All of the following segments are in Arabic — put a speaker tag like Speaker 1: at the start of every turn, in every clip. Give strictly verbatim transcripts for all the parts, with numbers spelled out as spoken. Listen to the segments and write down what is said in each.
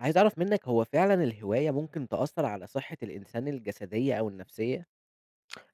Speaker 1: عايز أعرف منَّك هو فعلًا الهواية ممكن تأثر على صحة الإنسان الجسدية أو النفسية؟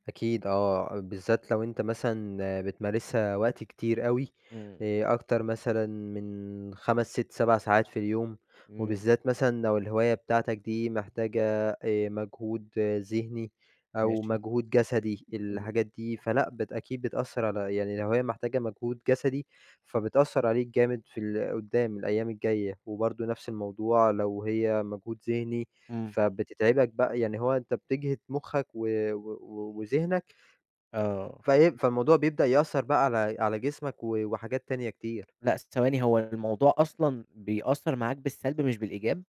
Speaker 2: أكيد آه، بالذات لو أنت مثلًا بتمارسها وقت كتير أوي
Speaker 1: إمم.
Speaker 2: آآ، أكتر مثلًا من خمس، ست، سَبع ساعات في اليوم،
Speaker 1: إمم.
Speaker 2: وبالذات مثلًا لو الهواية بتاعتَك دي محتاجة آآ، مجهود ذهني أو
Speaker 1: ماشي.
Speaker 2: مجهود جسدي
Speaker 1: إمم.
Speaker 2: الحاجات دي، فلأ، بت أكيد بتأثر على يعني الهواية محتاجة مجهود جسدي، فبتأثر عليك جامد في ال قدّام الأيّام الجايّة، وبرضو نفس الموضوع، لو هي مجهود ذهني
Speaker 1: إمم.
Speaker 2: فبتتعبَك بقى، يعني هو أنت بتجهد مخّك و و و وذهنك
Speaker 1: آه.
Speaker 2: فإيه، فالموضوع بيبدأ يأثر بقى على على جسمَك و وحاجات تانية كتير.
Speaker 1: لأ ثواني، هو الموضوع أصلًا بيأثر معاك بالسلب مش بالإيجاب؟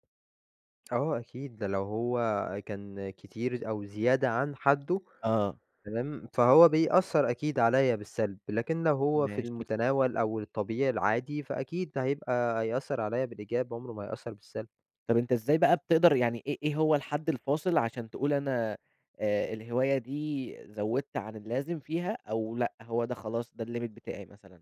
Speaker 2: آه أكيد ده لو هو كان كتير أو زيادة عن حده،
Speaker 1: آه.
Speaker 2: تمام؟ فهو بيأثر أكيد عليَّ بالسلب، لكن لو هو في
Speaker 1: ماشي.
Speaker 2: المتناول أو الطبيعي العادي فأكيد هيبقى هيأثر عليَّ بالإيجاب عمره ما هيأثر بالسلب.
Speaker 1: طب أنت إزاي بقى بتقدر، يعني إيه إيه هو الحد الفاصل عشان تقول أنا آآ الهواية دي زودت عن اللازم فيها، أو لأ هو ده خلاص ده الlimit بتاعي مثلًا؟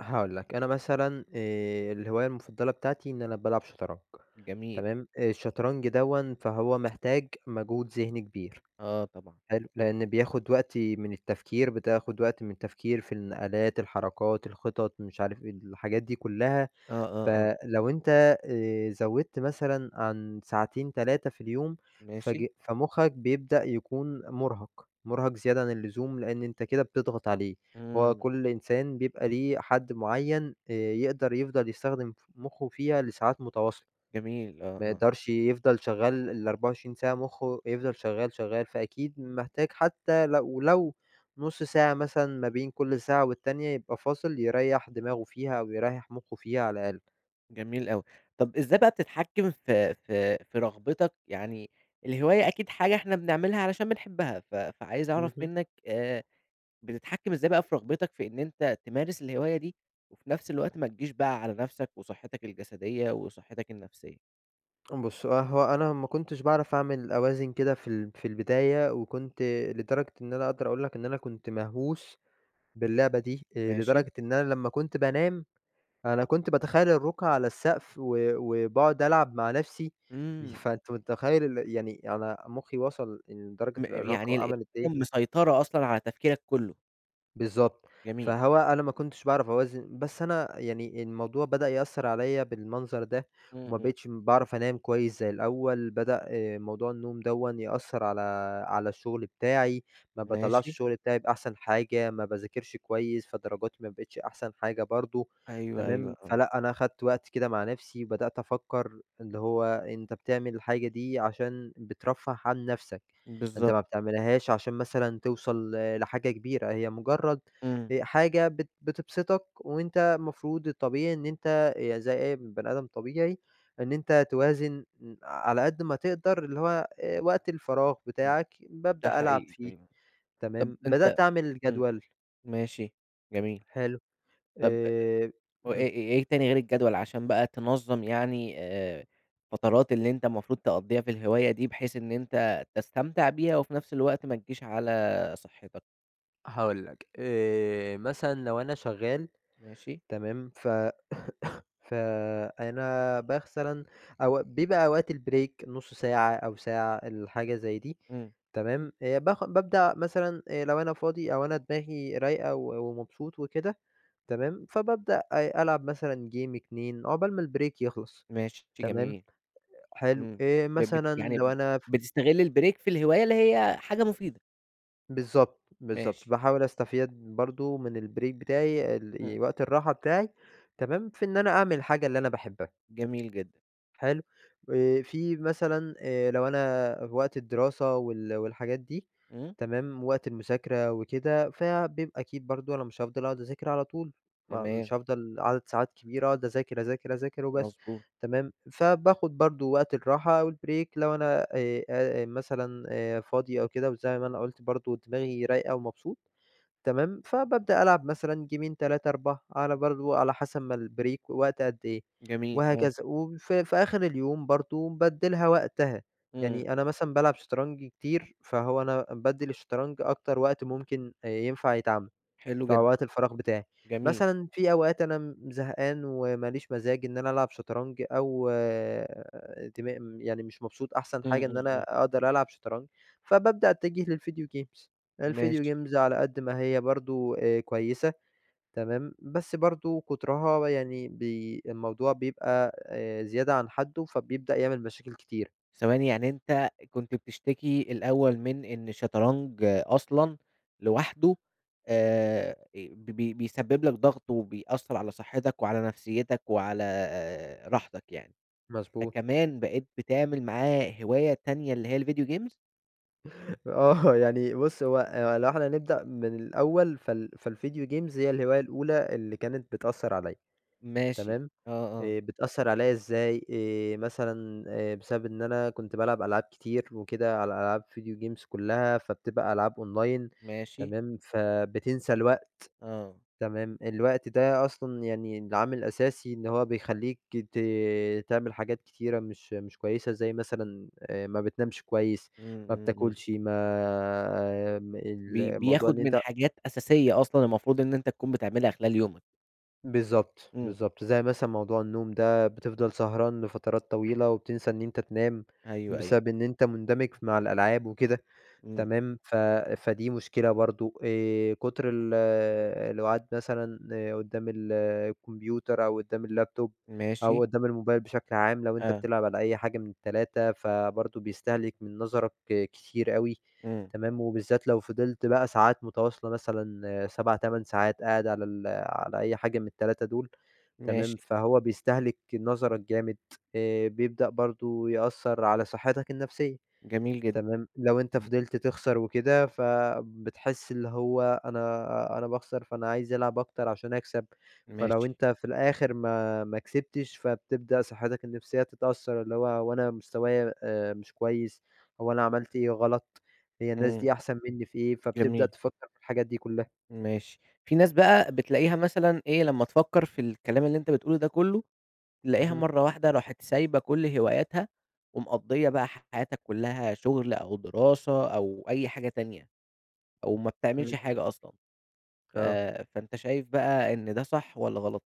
Speaker 2: هاقول لك، أنا مثلًا آآ الهواية المفضلة بتاعتي إن أنا بالعب شطرنج،
Speaker 1: جميل.
Speaker 2: تمام؟ الشطرنج دوًّا فهو محتاج موجود ذهني كبير،
Speaker 1: آه طبعًا.
Speaker 2: حلو؟ لأن بياخد وقتي من التفكير، بتاخد وقت من التفكير في النقلات، الحركات، الخطط، مش عارف إيه الحاجات دي كلها،
Speaker 1: آه آه آه.
Speaker 2: فلو أنت آآ زوِّدت مثلًا عن ساعتين، تلاتة في اليوم فج
Speaker 1: ماشي.
Speaker 2: فمخك بيبدأ يكون مرهَق، مرهَق زيادة عن اللزوم؛ لأن أنت كده بتضغط عليه، هو
Speaker 1: إمم.
Speaker 2: كل إنسان بيبقى ليه حد معين، آآ يقدر يفضل يستخدم ف مخه فيها لساعات متواصلة،
Speaker 1: جميل، آه
Speaker 2: ما
Speaker 1: آه.
Speaker 2: يقدرش يفضل شغال الأربعة وعشرين ساعة، مخه يفضل شغال شغال، فأكيد محتاج حتى لو لو نص ساعة مثلًا ما بين كل ساعة والتانية، يبقى فاصل يريَّح دماغه فيها، أو يريَّح مخه فيها على الأقل.
Speaker 1: جميل أوي، طب إزاي بقى بتتحكم في في في رغبتَك؟ يعني الهواية أكيد حاجة إحنا بنعملها، علشان بنحبها، ف فعايز أعرف
Speaker 2: اهم.
Speaker 1: منَّك آآ بتتحكم إزاي بقى في رغبتَك في إن أنت تمارس الهواية دي، وفي نفس الوقت ما تجيش بقى على نفسَك وصحتَك الجسدية وصحتَك النفسية؟
Speaker 2: امم بُص. آآ هو أنا ما كنتش باعرف أعمل أوازن كده في ال في البداية، وكنت لدرجة إن أنا أقدر أقول لك إن أنا كنت مهووس باللعبة دي. آآ،
Speaker 1: ماشي.
Speaker 2: لدرجة إن أنا لمّا كنت بانام أنا كنت باتخيّل الرقع على السقف، و وباقعد ألعب مع نفسي. ي
Speaker 1: امم.
Speaker 2: فأنت متخيّل ال يعني أنا مخّي وصل لدرجة
Speaker 1: م
Speaker 2: الإرهاق
Speaker 1: يعني ال هي
Speaker 2: وعملت إيه؟
Speaker 1: اللي مسيطرة أصلًا على تفكيرك كلّه.
Speaker 2: بالضبط.
Speaker 1: جميل.
Speaker 2: فهو أنا ما كنتش باعرف أوازن. بس أنا يعني الموضوع بدأ يأثر عليَّ بالمنظر ده،
Speaker 1: امم.
Speaker 2: وما
Speaker 1: امم.
Speaker 2: بقتش باعرف أنام كويّس زي الأوّل. بدأ موضوع النوم دوًّا يأثر على على الشغل بتاعي. ما باطلعش
Speaker 1: ماشي.
Speaker 2: الشغل بتاعي بأحسن حاجة. ما باذاكرش كويّس، فدرجاتي ما بقتش أحسن حاجة برضو.
Speaker 1: أيوه، أيوه.
Speaker 2: تمام؟
Speaker 1: آه.
Speaker 2: فلأ أنا خدت وقت كده مع نفسي، وبدأت أفكّر اللي هو أنت بتعمل الحاجة دي عشان بترفه عن نفسك. أنت
Speaker 1: بالضبط.
Speaker 2: ما بتعملهاش عشان مثلًا توصل ل-لحاجة كبيرة. هي مجرّد
Speaker 1: امم.
Speaker 2: آآ حاجة بت بتبسطك، وأنت المفروض الطبيعي إن أنت يا زي أي بني آدم طبيعي إن أنت توازن ن على قد ما تقدر اللي هو آآ، وقت الفراغ
Speaker 1: امم.
Speaker 2: بتاعك
Speaker 1: ده
Speaker 2: بابدأ ألعب
Speaker 1: حقيقي
Speaker 2: فيه.
Speaker 1: [unintelligible] طب
Speaker 2: تمام؟
Speaker 1: أنت
Speaker 2: بدأت اعمل
Speaker 1: امم،
Speaker 2: جدول
Speaker 1: ماشي جميل.
Speaker 2: حلو. آآ،
Speaker 1: طب آآ،
Speaker 2: اهم.
Speaker 1: وإيه إيه تاني غير الجدول عشان بقى تنظم يعني آآ، الفترات اللي أنت المفروض تقضيها في الهواية دي بحيث إن أنت تستمتع بيها، وفي نفس الوقت ما تجيش على صحتك؟
Speaker 2: هاقول لَك، آآ، مثلًا لو أنا شغّال
Speaker 1: ماشي.
Speaker 2: تمام ف فأنا مثلًا أو بيبقى أوقات البريك نص ساعة أو ساعة الحاجة زي دي
Speaker 1: امم.
Speaker 2: تمام، باخ بابدأ مثلًا آآ لو أنا فاضي أو أنا دماغي رايقة و ومبسوط وكده تمام، فبابدأ ألعب مثلًا جيم اتنين عقبال ما البريك يخلص،
Speaker 1: ماشي، شئ
Speaker 2: تمام،
Speaker 1: جميل.
Speaker 2: حلو
Speaker 1: إمم
Speaker 2: آآ،
Speaker 1: ب بت
Speaker 2: مثلًا لو
Speaker 1: يعني
Speaker 2: أنا ف
Speaker 1: بتستغل البريك في الهواية اللي هي حاجة مفيدة؟
Speaker 2: بالضبط، بالضبط،
Speaker 1: ماشي.
Speaker 2: باحاول أستفيد برضو من البريك بتاعي ال
Speaker 1: امم.
Speaker 2: وقت الراحة بتاعي، تمام في إن أنا أعمل الحاجة اللي أنا باحبها.
Speaker 1: جميل جدًا.
Speaker 2: حلو، آآ، في مثلًا آآ، لو أنا في وقت الدراسة وال والحاجات دي
Speaker 1: إمم.
Speaker 2: تمام، وقت المذاكرة وكده فبيبقى أكيد برضو أنا مش هافضل أقعد أذاكر على طول، مش
Speaker 1: تمام.
Speaker 2: هافضل عدد ساعات كبيرة أقعد أذاكر، أذاكر، أذاكر وبس
Speaker 1: مضبوط.
Speaker 2: تمام، فباخد برضو وقت الراحة أو البريك لو أنا آآ، مثلًا آآ، فاضي أو كده، وزي ما أنا قلت برضو دماغي رايقة ومبسوط تمام، فبابدأ ألعب مثلًا جيمين تلاتة، أربعة على برضو على حسب ما البريك وقت قد إيه
Speaker 1: جميل آه.
Speaker 2: وهكذا، وفي في آخر اليوم برضو بادِّي لها وقتها،
Speaker 1: إمم.
Speaker 2: يعني أنا مثلًا بالعب شطرنج كتير فهو أنا بادِّي للشطرنج أكتر وقت ممكن ينفع يتعمل
Speaker 1: حلو
Speaker 2: في
Speaker 1: جدًا.
Speaker 2: أوقات الفراغ بتاعي.
Speaker 1: جميل.
Speaker 2: مثلًا في أوقات أنا إمم، زهقان وماليش مزاج إن أنا ألعب شطرنج أو آآ، دما يعني مش مبسوط أحسن
Speaker 1: إمم،
Speaker 2: حاجة إن
Speaker 1: إمم، إمم.
Speaker 2: أنا أقدر ألعب شطرنج، فبابدأ أتجه للفيديو جيمز، الڤيديو
Speaker 1: ماشي
Speaker 2: جيمز على قد ما هي برضو كويّسة تمام، بس برضو كترها يعني بي الموضوع بيبقى زيادة عن حده فبيبدأ يعمل مشاكل كتير.
Speaker 1: ثواني، يعني أنت كنت بتشتكي الأوّل من إن الشطرنج أصلًا لوحده آآ، ب ب بيسبب لَك ضغط وبيأثر على صحتك وعلى نفسيتَك وعلى راحتَك يعني،
Speaker 2: مضبوط.
Speaker 1: فكمان بقيت بتعمل معاه هواية تانية، اللي هي الڤيديو جيمز؟!
Speaker 2: آه، يعني بُص هو لو إحنا نبدأ من الأوّل فال فالvideo games هي الهواية الأولى اللي كانت بتأثر عليَّ.
Speaker 1: ماشي.
Speaker 2: تمام؟
Speaker 1: آه، آه.
Speaker 2: آآ، بتأثر عليَّ إزاي؟ آآ، مثلًا آآ، بسبب إن أنا كنت بالعب ألعاب كتير وكده على ألعاب video games كلّها فبتبقى ألعاب أونلاين
Speaker 1: ماشي.
Speaker 2: تمام، فبتنسى الوقت
Speaker 1: آه.
Speaker 2: تمام، الوقت ده أصلًا يعني العامل الأساسي إن هو بيخلّيك ت تعمل حاجات كتيرة مش مش كويّسة زي مثلًا آآ، ما بتنامش كويّس،
Speaker 1: امم،
Speaker 2: ما
Speaker 1: امم، امم.
Speaker 2: بتاكلش ما ال
Speaker 1: بي
Speaker 2: الموضوع
Speaker 1: بياخد
Speaker 2: إن
Speaker 1: من
Speaker 2: أنت
Speaker 1: حاجات أساسية أصلًا المفروض إن أنت تكون بتعملها خلال يومك.
Speaker 2: بالضبط،
Speaker 1: امم.
Speaker 2: بالضبط، زي مثلًا موضوع النوم ده بتفضل سهران لفترات طويلة وبتنسى إن أنت تنام
Speaker 1: أيوه، أيوه.
Speaker 2: بسبب إن أنت مندمج مع الألعاب وكده
Speaker 1: امم.
Speaker 2: تمام، ف فدي مشكلة برضو آآ، كتر ال القعاد مثلًا قدّام ال الكمبيوتر أو قدّام اللاب توب أو
Speaker 1: ماشي.
Speaker 2: قدّام الموبايل بشكل عام لو أنت
Speaker 1: آه.
Speaker 2: بتلعب على أي حاجة من التلاتة فبرضو بيستهلك من نظرك كتير أوي
Speaker 1: امم.
Speaker 2: تمام، وبالذات لو فضلت بقى ساعات متواصلة مثلًا سبع تمن ساعات قاعِد على ال على أي حاجة من التلاتة دول تمام
Speaker 1: ماشي.
Speaker 2: فهو بيستهلك نظرك جامد. آآ، بيبدأ برضو يأثر على صحتك النفسيّة.
Speaker 1: جميل جدًا.
Speaker 2: تمام، لو أنت
Speaker 1: امم.
Speaker 2: فضلت تخسر وكده فبتحس اللي هو أنا أنا باخسر فأنا عايز ألعب أكتر عشان أكسب، فلو
Speaker 1: ماشي.
Speaker 2: أنت في الآخر ما ما كسبتش فتبدأ صحتك النفسيّة تتأثر، اللي هو هو أنا مستوايا آآ، مش كويّس هو أنا عملت إيه غلط؟ هي الناس
Speaker 1: امم.
Speaker 2: دي أحسن مِنّي في إيه؟ فتبدأ
Speaker 1: جميل.
Speaker 2: تفكّر في الحاجات دي كلّها.
Speaker 1: ماشي. في ناس بقى بتلاقيها مثلًا إيه؟ لمّا تفكّر في الكلام اللي أنت بتقوله ده كلّه، بتلاقيها
Speaker 2: اهم.
Speaker 1: مرّة واحدة راحت سايبة كل هواياتها، ومقضية بقى حياتها كلّها شغل أو دراسة أو أي حاجة تانية، أو ما
Speaker 2: امم.
Speaker 1: بتعملش حاجة أصلًا. ف
Speaker 2: آه.
Speaker 1: فأنت شايف بقى إن ده صح والّا غلط؟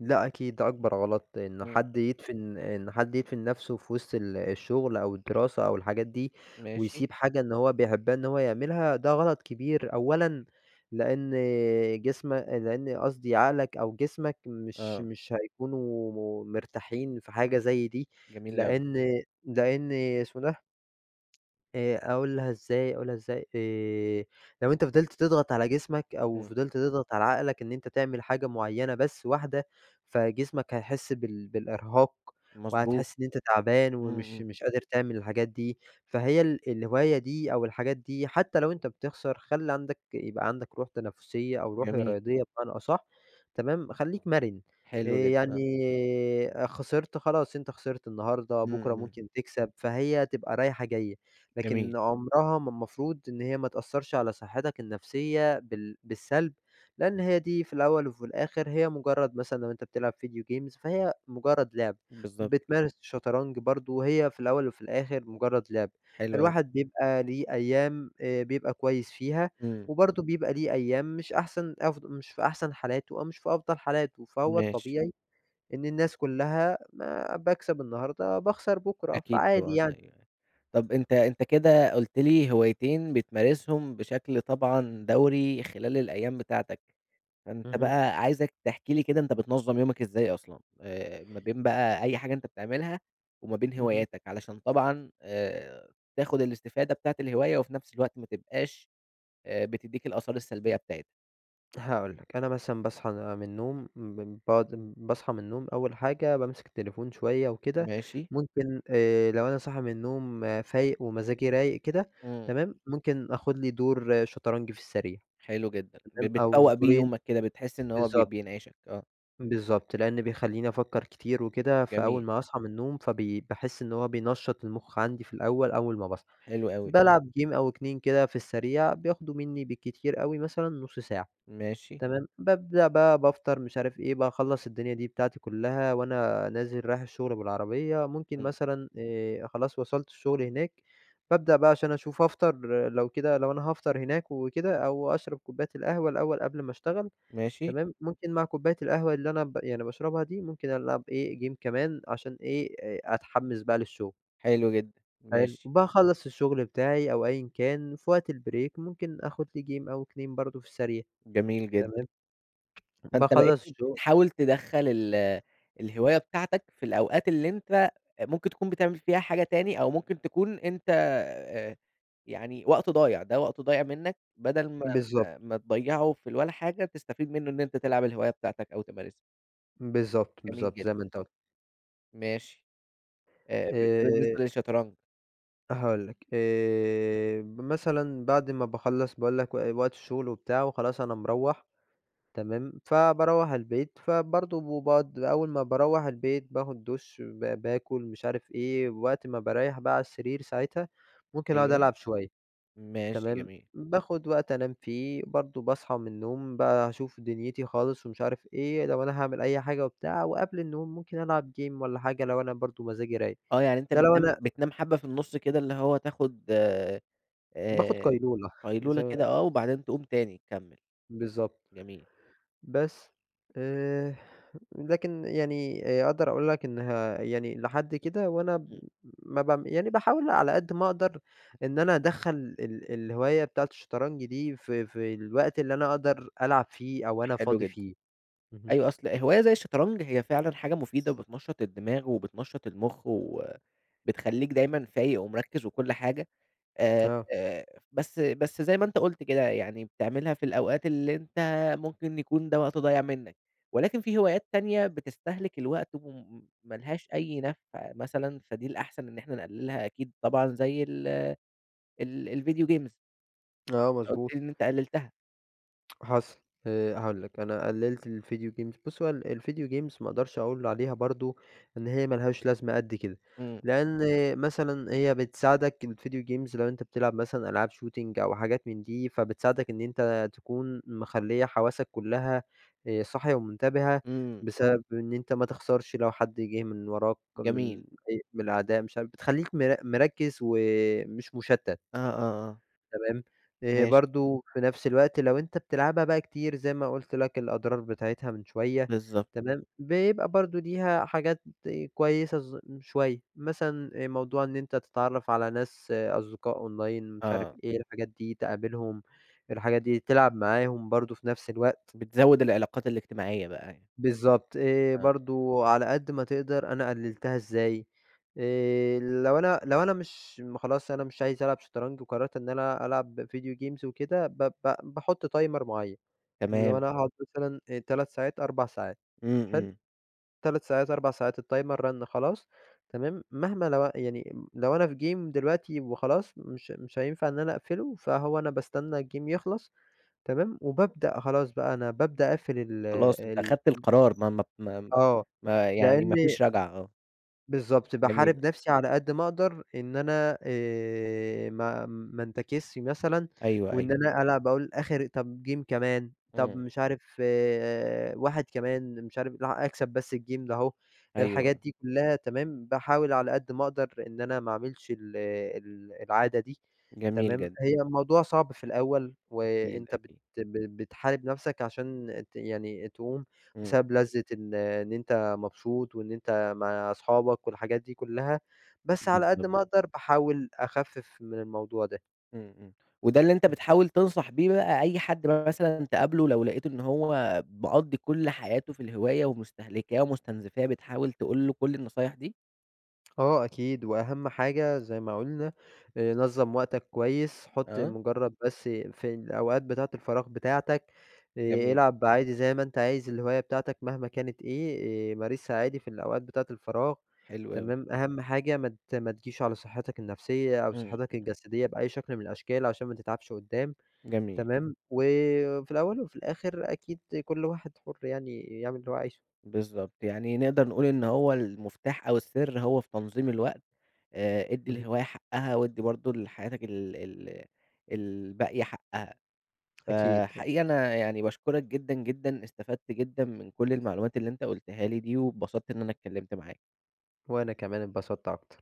Speaker 2: لأ أكيد، ده أكبر غلط إن
Speaker 1: امم.
Speaker 2: حد يدفن إن حد يدفن نفسه في وسط ال الشغل أو الدراسة أو الحاجات دي،
Speaker 1: ماشي.
Speaker 2: ويسيب حاجة اللي هو بيحبها إن هو يعملها ده غلط كبير، أولًا لإن جسمك لإن قصدي عقلك أو جسمك مش
Speaker 1: آه.
Speaker 2: مش هيكونوا مرتاحين في حاجة زي دي،
Speaker 1: جميل أوي.
Speaker 2: لإن لإن اسمه ده آآ، أقولها إزاي؟ أقولها إزاي؟ آآ، لو أنت فضلت تضغط على جسمك أو
Speaker 1: امم.
Speaker 2: فضلت تضغط على عقلك إن أنت تعمل حاجة معيّنة بس واحدة، فجسمك هيحس بال بالإرهاق
Speaker 1: مظبوط.
Speaker 2: وهتحس إن أنت تعبان
Speaker 1: امم،
Speaker 2: ومش
Speaker 1: امم.
Speaker 2: مش قادر تعمل الحاجات دي، فهي ال الهواية دي أو الحاجات دي حتّى لو أنت بتخسر، خلِّ عندك يبقى عندك روح تنافسية أو روح
Speaker 1: جميل.
Speaker 2: رياضية بمعنى أصح. تمام؟ خلّيك مرن، آآ،
Speaker 1: حلو جدًا،
Speaker 2: يعني
Speaker 1: آه.
Speaker 2: خسرت خلاص أنت خسرت النهارده،
Speaker 1: امم،
Speaker 2: بُكرة
Speaker 1: امم.
Speaker 2: ممكن تكسب، فهي تبقى رايحة جايّة. لكن
Speaker 1: جميل.
Speaker 2: عمرها ما ما المفروض إن هي ما تأثرش على صحتك النفسيّة بال بالسلب، لإن هي دي في الأوّل وفي الآخر هي مجرّد مثلًا لو أنت بتلعب ڤيديو جيمز فهي مجرّد لعبة،
Speaker 1: بالضبط كده.
Speaker 2: بتمارس شطرنج برضو هي في الأوّل وفي الآخر مجرّد لعبة،
Speaker 1: حلو أوي.
Speaker 2: الواحد بيبقى ليه أيّام آآ، بيبقى كويّس فيها
Speaker 1: امم.
Speaker 2: وبرضو بيبقى ليه أيّام مش أحسن أف مش في أحسن حالاته أو مش في أفضل حالاته، فهو
Speaker 1: ماشي.
Speaker 2: الطبيعي إن الناس كلّها ما باكسب النهارده باخسر بُكرة،
Speaker 1: أكيد،
Speaker 2: فعادي
Speaker 1: طبعًا،
Speaker 2: يعني.
Speaker 1: أيوَه، أيوَه. طب أنت أنت كده قلت لي هوايتين بتمارسهم بشكل طبعًا دوري خلال الأيّام بتاعتك. فأنت
Speaker 2: اهم.
Speaker 1: بقى عايزك تحكي لي كده أنت بتنظم يومك إزاي أصلًا؟ آآ، ما بين بقى أي حاجة أنت بتعملها وما بين
Speaker 2: اهم.
Speaker 1: هواياتك، علشان طبعًا آآ، تاخد الاستفادة بتاعة الهواية وفي نفس الوقت ما تبقاش، آآ، بتدّيك الآثار السلبيّة بتاعتها؟
Speaker 2: هاقول لَك أنا مثلًا باصحى م من النوم ب [unintelligible] باصحى من النوم أول حاجة بامسك التليفون شوية وكده،
Speaker 1: ماشي.
Speaker 2: ممكن آآ لو أنا صاحي من النوم فايق ومزاجي رايق كده
Speaker 1: إمم.
Speaker 2: تمام، ممكن آخد لي دور شطرنج في السريع
Speaker 1: .حلو جدًا ب
Speaker 2: تمام، أو
Speaker 1: بتفوَّق بيه
Speaker 2: دورين
Speaker 1: يومَك كده، بتحس إن هو ب
Speaker 2: بالضبط.
Speaker 1: بينعشك، آه.
Speaker 2: بالضبط، لأنه بيخليني أفكر كتير وكده، فأول
Speaker 1: جميل.
Speaker 2: ما هاصحى من النوم فبي باحس إن هو بينشَّط المخ عندي في الأول، أول ما باصحى
Speaker 1: حلو أوي.
Speaker 2: بالعب جيم أو اتنين كده في السريع، بياخدوا مني بالكتير أوي مثلًا نص ساعة.
Speaker 1: ماشي.
Speaker 2: تمام، بابدأ بقى بافطر مش عارف إيه، باخلّص الدنيا دي بتاعتي كلها، وأنا نازل رايح الشغل بالعربية ممكن
Speaker 1: امم.
Speaker 2: مثلًا آآ خلاص وصلت الشغل هناك، بابدأ بقى عشان أشوف أفطر لو كده، لو أنا هافطر هناك وكده، أو أشرب كوباية القهوة الأول قبل ما أشتغل
Speaker 1: ماشي.
Speaker 2: تمام، ممكن مع كوباية القهوة اللي أنا ب يعني باشربها دي ممكن ألعب إيه، جيم كمان عشان إيه، آآ أتحمس بقى للشغل.
Speaker 1: حلو جدًا،
Speaker 2: حلو.
Speaker 1: ماشي.
Speaker 2: باخلّص الشغل بتاعي أو أيًا كان وفي وقت البريك ممكن آخد لي جيم أو اتنين برضه في السريع
Speaker 1: جميل جدًا.
Speaker 2: تمام،
Speaker 1: فأنت بقيت
Speaker 2: باخلّص شغ
Speaker 1: بتحاول تدخَّل ال الهواية بتاعتَك في الأوقات اللي أنت ممكن تكون بتعمل فيها حاجة تانى، أو ممكن تكون أنت آآ يعني وقت ضايع، ده وقت ضايع منَّك بدل ما
Speaker 2: بالضبط.
Speaker 1: ما ما تضيعه في الولا حاجة، تستفيد منه إن أنت تلعب الهواية بتاعتَك أو تمارسها.
Speaker 2: بالضبط،
Speaker 1: جميل
Speaker 2: بالضبط
Speaker 1: جد
Speaker 2: زي ما أنت ق
Speaker 1: ماشي. آآ ب ده
Speaker 2: آآ
Speaker 1: بالنسبة للشطرنج.
Speaker 2: هاقول لك، آآ ب مثلًا بعد ما باخلص باقول لك و وقت الشغل وبتاع وخلاص أنا مروَّح، تمام. فباروَّح البيت، فبرضه باقعد أول ما باروَّح البيت باخد دش ب باكل مش عارف إيه، ووقت ما باريح بقى على السرير ساعتها، ممكن أقعد
Speaker 1: أيوه.
Speaker 2: ألعب شوية.
Speaker 1: ماشي،
Speaker 2: تمام.
Speaker 1: جميل.
Speaker 2: باخد وقت أنام فيه، برضه باصحى من النوم بقى أشوف دنيتي خالص ومش عارف إيه، لو أنا هاعمل أي حاجة وبتاع وقبل النوم ممكن ألعب game والّا حاجة لو أنا برضه مزاجي رايق.
Speaker 1: آه يعني أنت
Speaker 2: ده لو أنا
Speaker 1: بتنام بتنام حبة في النص كده اللي هو تاخد
Speaker 2: باخد
Speaker 1: آآ
Speaker 2: قيلولة.
Speaker 1: قيلولة كده
Speaker 2: [unintelligible]
Speaker 1: آه وبعدين تقوم تاني تكمل.
Speaker 2: بالضبط.
Speaker 1: جميل.
Speaker 2: بس. آآ لكن يعني آآ أقدر أقول لك إنها يعني لحد كده وأنا م
Speaker 1: امم.
Speaker 2: مبعم يعني باحاول على قد ما أقدر إن أنا أدخَّل ال الهواية بتاعة الشطرنج دي ف في الوقت اللي أنا أقدر ألعب فيه أو أنا
Speaker 1: حلو
Speaker 2: فاضي
Speaker 1: جدًا.
Speaker 2: فيه. اهم.
Speaker 1: أيوه أصل هواية زي الشطرنج هي فعلًا حاجة مفيدة وبتنشط الدماغ وبتنشط المخ وبتخليك دايمًا فايق ومركز وكل حاجة. آآ،
Speaker 2: آه.
Speaker 1: آآ بس بس زي ما أنت قُلت كده، يعني بتعملها في الأوقات اللي أنت ممكن يكون ده وقت ضايع منك. ولكن في هوايات تانية بتستهلك الوقت وم ما لهاش أي نفع مثلًا، فدي الأحسن إن إحنا نقللها أكيد طبعًا زي ال ال الvideo games
Speaker 2: آه،
Speaker 1: أنت قُلت
Speaker 2: مضبوط.
Speaker 1: لي إن أنت قللتها.
Speaker 2: حصل، آآ، هاقول لك أنا قلِّلت ال video games، بُص هوال ال video games ما أقدرش أقول عليها برضه إن هي ما لهاش لازمة قد كده،
Speaker 1: امم.
Speaker 2: لأن مثلًا هي بتساعدك ال video games لو أنت بتلعب مثلًا ألعاب shooting، أو حاجات من دي، فبتساعدك إن أنت تكون مخليَّة حواسك كلها آآ، صاحية ومُنتبهة،
Speaker 1: امم.
Speaker 2: بسبب إن أنت ما تخسرش لو حد جِه من وراك، من
Speaker 1: جميل.
Speaker 2: أي من الأعداء مش عارف بتخلِّيك مر مركز ومش مُشَتّت،
Speaker 1: آه، آه، آه.
Speaker 2: تمام؟ آآ،
Speaker 1: ماشي.
Speaker 2: برضه في نفس الوقت لو أنتَ بتلعبها بقى كتير زي ما قُلت لك الأضرار بتاعتها من شوية
Speaker 1: بالضبط.
Speaker 2: تمام، بيبقى برضه ليها حاجات كويسة ز شوية، مثلًا موضوع إن أنتَ تتعرَّف على ناس، أصدقاء أونلاين مش عارف
Speaker 1: آه.
Speaker 2: إيه الحاجات دي، تقابلهم الحاجات دي، تلعب معاهم برضه في نفس الوقت.
Speaker 1: بتزوِّد العلاقات الاجتماعية بقى يعني.
Speaker 2: بالضبط، آآ
Speaker 1: آه.
Speaker 2: برضه على قد ما تقدر أنا قلِّلتها إزاي؟ آآ، لو أنا لو أنا مش م خلاص أنا مش عايز ألعب شطرنج وقرَّرت إن أنا ألعب video games وكده ب ب باحط تايمر معيَّن، لو
Speaker 1: تمام.
Speaker 2: أنا هأقعد مثلًا تلات ساعات، أربع ساعات
Speaker 1: امم،
Speaker 2: حلو؟
Speaker 1: امم.
Speaker 2: تلات ساعات، أربع ساعات، التايمر رنّ خلاص، تمام، مهما لو أن يعني لو أنا في Game دلوقتي وخلاص، مش مش هينفع إن أنا أقفله، فهو أنا باستنى الGame يخلص تمام، وبابدأ خلاص، بقى أنا بابدأ أقفل ال
Speaker 1: خلاص أنت
Speaker 2: ال
Speaker 1: خدت القرار، ما ما ما
Speaker 2: آه،
Speaker 1: ما يعني ما
Speaker 2: لأن
Speaker 1: فيش رجعة، آه.
Speaker 2: بالضبط،
Speaker 1: جميل.
Speaker 2: باحارب نفسي على قد ما أقدر، إن أنا آآ، ما ما انتكسش مثلًا،
Speaker 1: أيوه،
Speaker 2: وإن
Speaker 1: أيوه.
Speaker 2: أنا ألعب أقول آخر طب Game كمان، طب
Speaker 1: امم.
Speaker 2: مش عارف، واحد كمان، مش عارف [unintelligible] أكسب بس ال Game ده، الحاجات
Speaker 1: أيوه.
Speaker 2: دي كلها تمام، باحاول على قد ما أقدر، إن أنا ما أعملش ال ال العادة دي
Speaker 1: جميل
Speaker 2: تمام،
Speaker 1: جدًا.
Speaker 2: هي الموضوع صعب في الأول،
Speaker 1: أكيد،
Speaker 2: وأنت بت
Speaker 1: أكيد.
Speaker 2: ب ب بتحارب نفسك عشان ت يعني تقوم
Speaker 1: اهم.
Speaker 2: بسبب لذة إن إن أنت مبسوط، وإن أنت مع اصحابك، والحاجات دي كلها، بس على قد
Speaker 1: بالضبط.
Speaker 2: ما أقدر باحاول أخفف من الموضوع ده.
Speaker 1: امم، امم، وده اللي أنت
Speaker 2: إمم.
Speaker 1: بتحاول تنصح بيه بقى أي حد م مثلًا تقابله، لو لاقيت إن هو مقضِّي كل حياته في الهواية ومُستهلكاه، ومُستنزفاه بتحاول تقول له كل النصايح دي؟
Speaker 2: آه أكيد، وأهم حاجة زي ما قلنا، آآ، نظَّم وقتك كويس، حط
Speaker 1: آه.
Speaker 2: مجرد بس في الأوقات بتاعة الفراغ بتاعتك، آآ،
Speaker 1: جميل.
Speaker 2: العب عادي زي ما أنت عايز الهواية بتاعتك مهما كانت إيه، آآ مارسها عادي في الأوقات بتاعة الفراغ
Speaker 1: حلو أوي.
Speaker 2: تمام، أهم حاجة ما ت ما تجيش على صحتك النفسية، أو
Speaker 1: امم،
Speaker 2: صحتك
Speaker 1: امم.
Speaker 2: الجسدية، بأي شكل من الأشكال، عشان ما تتعبش قدَّام،
Speaker 1: جميل.
Speaker 2: تمام، وفي الأول وفي الآخر، أكيد كل واحد حُر يعني يعمل اللي هو عايزُه.
Speaker 1: بالضبط، يعني نقدر نقول إن هو المفتاح أو السر هو في تنظيم الوقت، آآ ادِّي
Speaker 2: اهم.
Speaker 1: الهواية حقها، وادِّي برضه لحياتك ال ال الباقية حقها.
Speaker 2: أكيد، أكيد.
Speaker 1: فحقيقي أنا يعني باشكرك جدًا جدًا، استفدت جدًا من كل المعلومات اللي أنت قُلتها لي دي، واتبسطت إن أنا اتكلمت معاك.
Speaker 2: وأنا كمان اتبسطت أكتر.